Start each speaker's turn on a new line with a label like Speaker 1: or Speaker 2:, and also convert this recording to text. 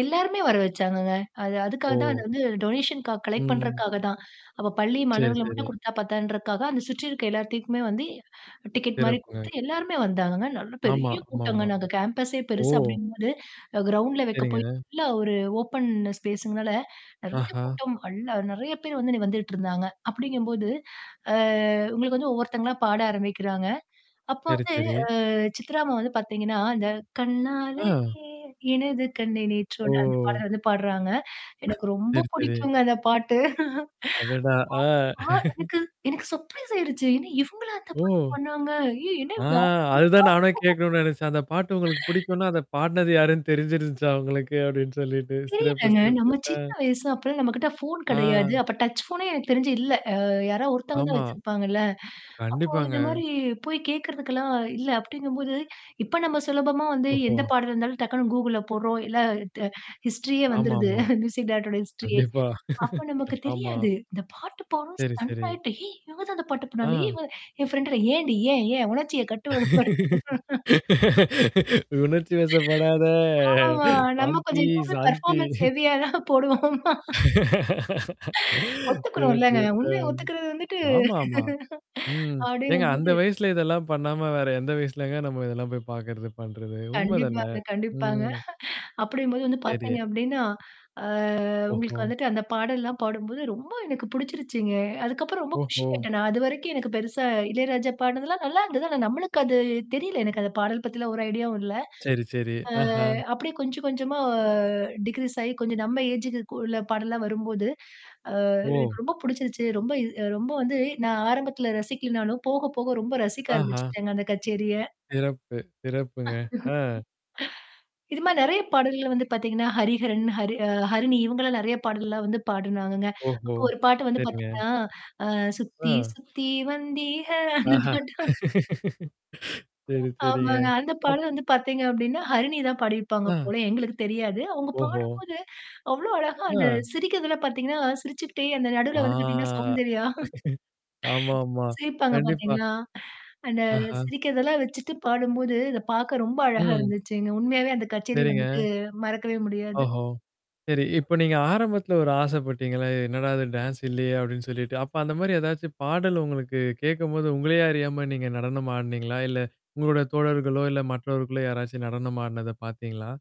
Speaker 1: எல்லாருமே வர வச்சாங்கங்க. அது அதுக்காக தான் அந்த
Speaker 2: ஓ!
Speaker 1: வந்து டொனேஷன்கா க கலெக்ட்
Speaker 2: ம்.
Speaker 1: பண்றக்காக தான். அப்போ பள்ளி
Speaker 2: சரி,
Speaker 1: மாணவர்கள மட்டும்
Speaker 2: சரி.
Speaker 1: கொடுத்தா பத்தாதுன்றதுக்காக அந்த சுற்றி இருக்கிற எல்லாத்துக்குமே வந்து டிக்கெட் மாரி
Speaker 2: சிறப்புங்க.
Speaker 1: குடுத்து எல்லோருமே வந்தாங்கங்க. நல்ல
Speaker 2: ஆமா.
Speaker 1: பெரிய
Speaker 2: ஆமா,
Speaker 1: கூட்டங்க
Speaker 2: ஆமா.
Speaker 1: நாங்க கேம்பஸே
Speaker 2: ஓ!
Speaker 1: பெருசு அப்பிடிங்கும்போது, அ கிரவுண்ட்ல வைக்க போய்
Speaker 2: சரிங்க.
Speaker 1: ஃபுல்லா ஒரு ஓப்பன் ஸ்பேஸுங்னால நிறைய
Speaker 2: ஆஹா!
Speaker 1: கூட்டம் அள்ள நிறைய பேரு வந்து அன்னக்கி வந்துட்டு இருந்தாங்க. அப்பிடிங்கம்போது ஆ உங்களுக்கு வந்து ஒவ்வொருத்தங்களா பாட ஆரம்பிக்கிறாங்க. அப்ப
Speaker 2: சரி,
Speaker 1: வந்து
Speaker 2: சரி.
Speaker 1: ஆ சித்ரா அம்மா வந்து பார்த்தீங்கன்னா, அந்த கண்ணாலே
Speaker 2: ஆ.
Speaker 1: எனது கண்ணே நேற்றோடு அந்த
Speaker 2: ஓ!
Speaker 1: பாடல வந்து பாடுறாங்க. எனக்கு ரொம்ப
Speaker 2: சரி, சரி.
Speaker 1: பிடிக்குங்க அந்த பாட்டு.
Speaker 2: அடடா! ஆ,
Speaker 1: ஆ ஆ எனக்கு எனக்கு சர்ப்ரைஸ் ஆயிடுச்சு. என்ன இவுங்களா அந்த
Speaker 2: ஓ!
Speaker 1: பாட்டு பாடினாங்க! ஐயோ! என்ன
Speaker 2: ஆ, அதுதான் நானே
Speaker 1: [unintelligible]
Speaker 2: கேட்கணுன்னு நினைச்சேன். அந்த பாட்டு உங்களுக்கு பிடிக்குன்னா, அத பாடுனது யாருன்னு தெரிஞ்சிருந்துச்சா உங்களுக்கு அப்பிடின்னு சொல்லிட்டு, சிறப்பு,
Speaker 1: தெரியலங்க.
Speaker 2: சிறப்பு.
Speaker 1: நம்ம
Speaker 2: அ.
Speaker 1: சின்ன வயசு அப்பலாம் நம்மக்கிட்ட ஃபோன் கிடையாது.
Speaker 2: ஆ.
Speaker 1: அப்ப டச் ஃபோனே எனக்கு தெரிஞ்சு இல்ல. அ யாரா ஒருத்தவங்க தான்
Speaker 2: ஆமா.
Speaker 1: வச்சிருப்பாங்கல்ல. அப்போ
Speaker 2: கண்டிப்பாங்க.
Speaker 1: இந்தமாரி போய் கேட்கிறதுக்கெல்லாம் இல்ல, அப்பிடிங்கம்போது இப்ப நம்ம சுலபமா வந்து எந்த
Speaker 2: ஓஹோ!
Speaker 1: பாடலா இருந்தாலும், டக்குனு Googleல போடுறோம். இல்ல ட ஹிஸ்டரியே
Speaker 2: ஆமா,
Speaker 1: வந்துருது.
Speaker 2: ஆமா.
Speaker 1: மியூசிக் டைரக்டர் ஓட ஹிஸ்டரியே.
Speaker 2: கண்டிப்பா
Speaker 1: அப்ப நமக்கு
Speaker 2: ஆமா.
Speaker 1: தெரியாது. இந்த பாட்டு பாடவும்
Speaker 2: சரி,
Speaker 1: ஸ்டன்
Speaker 2: சரி.
Speaker 1: ஆயிட்டு, "ஏய்! இவ தான் அந்த பாட்டுனால! ஏ
Speaker 2: ஆ.
Speaker 1: இவ என் ஃபிரெண்டோட ஏன்டி! ஏன்? ஏன்?" உணர்ச்சிய கட்டுபடுத்து
Speaker 2: உணர்ச்சி வசப்படாத
Speaker 1: ஆமாமா. நம்ம
Speaker 2: சாந்தி,
Speaker 1: கொஞ்சம் எப்பவுமே
Speaker 2: சாந்தி
Speaker 1: பெர்ஃபார்மன்ஸ் ஹெவியா தான் போடுவோமா! ஒத்துக்கணும் இல்லங்க.
Speaker 2: சிறப்பு, ஆ.
Speaker 1: உண்மைய ஒத்துக்கிறது வந்துட்டு
Speaker 2: ஆமா, ஆமா. ம். ஏங்க அந்த
Speaker 1: அப்படிங்கம்போது
Speaker 2: வயசில இதெல்லாம் பண்ணாம வேற எந்த வயசிலங்க நம்ம இதெல்லாம் போய் பார்க்கிறது பண்றது உண்மைதானே!
Speaker 1: கண்டிப்பாங்க, கண்டிப்பாங்க.
Speaker 2: ம்.
Speaker 1: அப்படிங்கும்போது வந்து
Speaker 2: சரி.
Speaker 1: பார்த்தீங்க அப்பிடின்னா ஆ உங்களுக்கு
Speaker 2: ஓஹோ!
Speaker 1: வந்துட்டு அந்த பாடல்லலாம் பாடும்போது, ரொம்ப எனக்கு பிடிச்சிருச்சுங்க. அதுக்கப்புறம் ரொம்ப
Speaker 2: ஓஹோ!
Speaker 1: குஷியாயிட்டேன் நான். அதுவரைக்கும் எனக்கு பெருசா இளையராஜா பாடுனதுலாம் நல்லா இருந்தது. ஆனா நம்மளுக்கு அது தெரியல. எனக்கு அந்த பாடல் பத்திலாம் ஒரு ஐடியாவும் இல்ல.
Speaker 2: சரி, சரி.
Speaker 1: ஆ
Speaker 2: ஆஹா!
Speaker 1: அப்பிடியே கொஞ்சம், கொஞ்சமா டிக்ரீஸ் ஆகி கொஞ்சம் நம்ம ஏஜுக்கு உள்ள பாடல்லாம் வரும்போது, அ
Speaker 2: ஓ!
Speaker 1: எனக்கு ரொம்ப பிடிச்சிருச்சு. ரொம்ப இது அ ரொம்ப வந்து நான் ஆரம்பத்தில ரசிக்கலனாலும், போக, போக ரொம்ப ரசிக்க
Speaker 2: ஆஹா!
Speaker 1: ஆரம்பிச்சுட்டேங்க அந்த கச்சேரிய!
Speaker 2: சிறப்பு, சிறப்புங்க. ஆ.
Speaker 1: இதுமாரி நிறைய பாடல்கள் வந்து பார்த்தீங்கன்னா, ஹரிஹரன், ஹரி ஆ ஹரிணி இவுங்க எல்லாம் நிறைய பாடல்கள் எல்லாம் வந்து பாடுனாங்கங்க.
Speaker 2: ஓஹோ!
Speaker 1: அப்போ ஒரு பாட்டு வந்து
Speaker 2: சரிங்க.
Speaker 1: பார்த்தீங்கன்னா, ஆ "சுத்தி,
Speaker 2: ஆ.
Speaker 1: சுத்தி வந்திக!" அந்த
Speaker 2: ஆஹா!
Speaker 1: பாட்டும்
Speaker 2: சரி, சரிங்க.
Speaker 1: ஆமாங்க. அந்த
Speaker 2: அப்
Speaker 1: பாடல் வந்து பார்த்தீங்க அப்பிடின்னா, ஹரிணி தான் பாடியிருப்பாங்க
Speaker 2: ஆ.
Speaker 1: போலயே! எங்களுக்கு தெரியாது. அவுங்க
Speaker 2: ஓஹோ!
Speaker 1: பாடும்போது அவ்ளோ அழகா அந்த
Speaker 2: ஆ.
Speaker 1: சிரிக்கிறதுலாம் பார்த்தீங்கனா, சிரிச்சிக்கிட்டே அந்த
Speaker 2: ஆ
Speaker 1: நடுவுல வந்து பார்த்தீங்கன்னா சௌந்தர்யா
Speaker 2: ஆமா, ஆமா.
Speaker 1: சிரிப்பாங்க
Speaker 2: கண்டிப்பா.
Speaker 1: பார்த்தீங்கனா, அந்த
Speaker 2: ஆஹா!
Speaker 1: சிரிக்கிறத எல்லாம் வச்சிட்டு பாடும்போது இத பார்க்க ரொம்ப அழகா
Speaker 2: ம்.
Speaker 1: இருந்துச்சுங்க. உண்மையாவே அந்த கச்சேரி
Speaker 2: சரிங்க.
Speaker 1: வந்துட்டு மறக்கவே முடியாது.
Speaker 2: ஓஹோ! சரி. இப்ப நீங்க ஆரம்பத்துல ஒரு ஆசைபட்டீங்களே! என்னடா! இது டான்ஸ் இல்லயோ! அப்பீடின்னு சொல்லிட்டு, அப்ப அந்தமாரி ஏதாச்சும் பாடல் உங்களுக்கு கேட்கும்போது, உங்களேயே அறியாம நீங்க நடனம் ஆடுனீங்களா? இல்ல உங்களுடைய தோழர்களோ! இல்ல மற்றவர்களோ! யாராச்சும் நடனம் ஆடுனத பாத்தீங்களா?